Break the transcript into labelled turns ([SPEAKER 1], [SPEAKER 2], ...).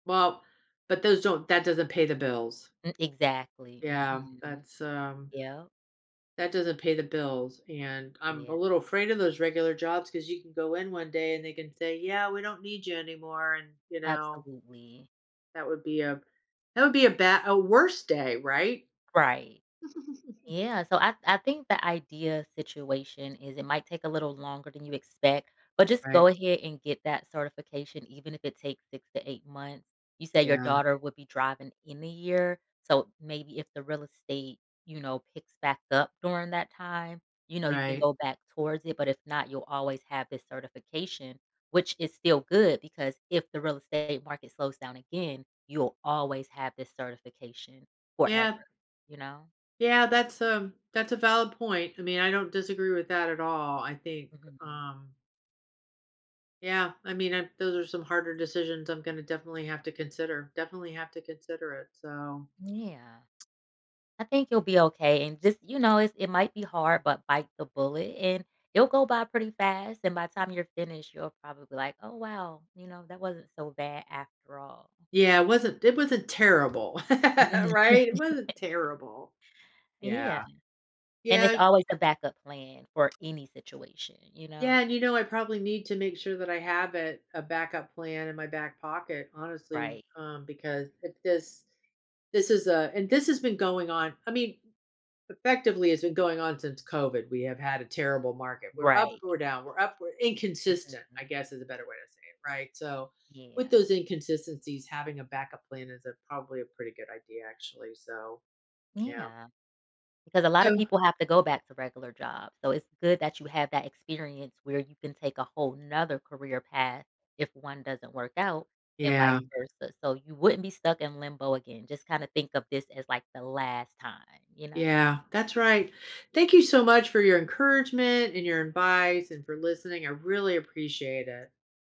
[SPEAKER 1] Well, but those don't that doesn't pay the bills.
[SPEAKER 2] M exactly,
[SPEAKER 1] Yeah.
[SPEAKER 2] mhm.
[SPEAKER 1] That's, um
[SPEAKER 2] Yep.
[SPEAKER 1] That doesn't pay the bills, and, I'm a
[SPEAKER 2] Yeah.
[SPEAKER 1] little afraid of those regular jobs 'cause you can go in one day and they can say, "Yeah, we don't need you anymore," and, you know
[SPEAKER 2] Absolutely.
[SPEAKER 1] that would be a that would be a bad a worst day, right?
[SPEAKER 2] Right. Yeah, so, I I think the idea situation is, it might take a little longer than you expect, but just go
[SPEAKER 1] Right.
[SPEAKER 2] ahead and get that certification even if it takes 6 to 8 months. You say your
[SPEAKER 1] Yeah.
[SPEAKER 2] daughter would be driving in a year, so maybe if the real estate, you know, picks back up during that time, you know, you can
[SPEAKER 1] Right.
[SPEAKER 2] go back towards it, but if not, you'll always have this certification, which is still good because if the real estate market slows down again, you'll always have this certification forever,
[SPEAKER 1] Yeah.
[SPEAKER 2] you know?
[SPEAKER 1] Yeah, that's a that's a valid point, I mean, I don't disagree with that at all, I think,
[SPEAKER 2] Mhm.
[SPEAKER 1] um Yeah, I mean, I those are some harder decisions I'm gonna definitely have to consider, definitely have to consider it, so
[SPEAKER 2] Yeah. I think you'll be okay and just, you know, it's it might be hard, but bite the bullet, and it'll go by pretty fast and by time you're finished, you'll probably be like, "Oh, wow," you know, "That wasn't so bad after all."
[SPEAKER 1] Yeah, it wasn't it wasn't terrible, right? It wasn't terrible.
[SPEAKER 2] Yeah.
[SPEAKER 1] Yeah.
[SPEAKER 2] And
[SPEAKER 1] Yeah,
[SPEAKER 2] it's
[SPEAKER 1] y
[SPEAKER 2] always a backup plan for any situation, you
[SPEAKER 1] Yeah,
[SPEAKER 2] know?
[SPEAKER 1] and, you know, I probably need to make sure that I have it a backup plan in my back pocket, honestly,
[SPEAKER 2] Right.
[SPEAKER 1] um, because it is this is a and this has been going on I mean, effectively, it's been going on since COVID, we have had a terrible market, we're up,
[SPEAKER 2] Right.
[SPEAKER 1] we're down, we're up, we're inconsistent,
[SPEAKER 2] Mhm.
[SPEAKER 1] I guess, is a better way to say it, right? So, with
[SPEAKER 2] Yeah.
[SPEAKER 1] those inconsistencies, having a backup plan is a probably a pretty good idea, actually, so, yeah.
[SPEAKER 2] Yeah. Because a lotta
[SPEAKER 1] Oh.
[SPEAKER 2] people have to go back to regular jobs, so it's good that you have that experience where you can take a whole 'nother career path if one doesn't work out and vice
[SPEAKER 1] Yeah.
[SPEAKER 2] versa, so you wouldn't be stuck in limbo again. Just kinda think of this as, like, the last time, you know?
[SPEAKER 1] Yeah, that's right. Thank you so much for your encouragement and your advice and for listening, I really appreciate it.